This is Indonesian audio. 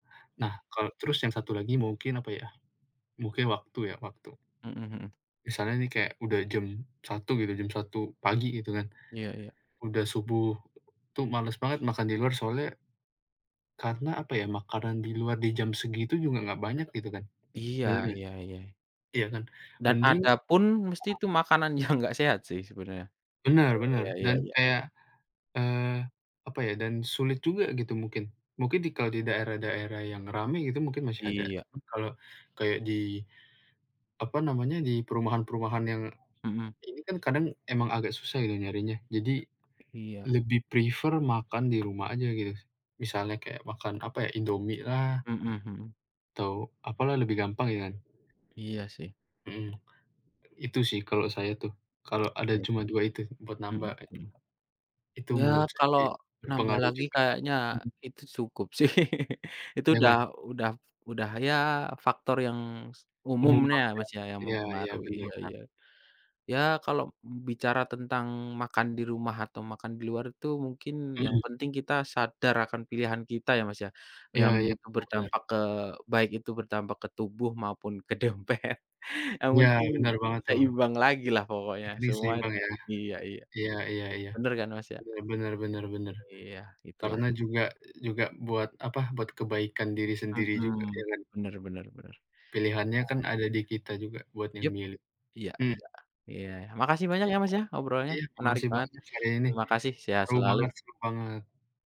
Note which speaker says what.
Speaker 1: Nah, kal terus yang satu lagi mungkin apa ya, mungkin waktu ya, waktu.
Speaker 2: Mhm mhm.
Speaker 1: Misalnya nih kayak udah jam 1:00 gitu, jam 1:00 pagi gitu kan,
Speaker 2: Iya iya.
Speaker 1: udah subuh tuh males banget makan di luar soalnya karena apa ya, makanan di luar di jam segitu juga enggak banyak gitu kan.
Speaker 2: Iya
Speaker 1: Bener enggak?
Speaker 2: iya iya.
Speaker 1: Iya kan?
Speaker 2: Dan
Speaker 1: Mending ya.
Speaker 2: adapun mesti itu makanan yang enggak sehat sih sebenarnya.
Speaker 1: Benar
Speaker 2: Iya
Speaker 1: benar
Speaker 2: iya iya
Speaker 1: dan
Speaker 2: iya.
Speaker 1: kayak, eee, apa ya, dan sulit juga gitu mungkin. Mungkin di kalau di daerah-daerah yang ramai gitu mungkin masih ada,
Speaker 2: Iya.
Speaker 1: cuman kalau kayak di, apa namanya, di perumahan-perumahan yang
Speaker 2: Mhm.
Speaker 1: ini kan kadang emang agak susah ya nyarinya, jadi
Speaker 2: Iya.
Speaker 1: lebih prefer makan di rumah aja gitu, misalnya kayak makan, apa ya, Indomie lah
Speaker 2: Mhm mhm.
Speaker 1: atau apalah lebih gampang ya kan.
Speaker 2: Iya sih.
Speaker 1: Mhm, itu sih kalau saya tuh, kalau ada
Speaker 2: Iya.
Speaker 1: cuma 2 itu buat namba
Speaker 2: Mhm
Speaker 1: e
Speaker 2: mhm.
Speaker 1: Itu
Speaker 2: Ya
Speaker 1: menurut saya
Speaker 2: kalau
Speaker 1: sih
Speaker 2: nambah
Speaker 1: berpengaruh
Speaker 2: lagi
Speaker 1: juga
Speaker 2: kayaknya
Speaker 1: mhm.
Speaker 2: itu cukup sih. Itu
Speaker 1: Ya kan.
Speaker 2: udah udah udah ya faktor yang
Speaker 1: Umum
Speaker 2: umumnya,
Speaker 1: banget ya,
Speaker 2: Mas, ya yang
Speaker 1: ya ya,
Speaker 2: mempengaruhi,
Speaker 1: bener
Speaker 2: iya
Speaker 1: bener.
Speaker 2: iya. Ya kalau bicara tentang makan di rumah atau makan di luar itu mungkin yang
Speaker 1: Mhm.
Speaker 2: penting kita sadar akan pilihan kita ya, Mas, ya, yang
Speaker 1: Ya ya,
Speaker 2: itu
Speaker 1: bener bener.
Speaker 2: berdampak ke baik itu berdampak ke tubuh maupun ke dompet, yang
Speaker 1: Ya,
Speaker 2: penting
Speaker 1: benar banget tuh.
Speaker 2: seimbang lagi lah pokoknya
Speaker 1: Jadi
Speaker 2: semuanya,
Speaker 1: seimbang ya.
Speaker 2: iya iya.
Speaker 1: Iya iya iya,
Speaker 2: Bener kan Mas, ya?
Speaker 1: benar benar benar benar.
Speaker 2: Iya itulah.
Speaker 1: Karena juga juga buat apa, buat kebaikan diri sendiri juga
Speaker 2: Mhm,
Speaker 1: ya kan.
Speaker 2: bener bener bener. Ya.
Speaker 1: Pilihannya kan ada di kita juga buat yang
Speaker 2: Yup.
Speaker 1: milih,
Speaker 2: Iya
Speaker 1: mmm.
Speaker 2: iya iya makasih banyak
Speaker 1: Iya
Speaker 2: ya Mas
Speaker 1: bener.
Speaker 2: ya, obrolnya
Speaker 1: Iya
Speaker 2: menarik
Speaker 1: makasih
Speaker 2: banget.
Speaker 1: banyak hari ini.
Speaker 2: Terima kasih, sehat
Speaker 1: Seru banget
Speaker 2: selalu.
Speaker 1: seru banget.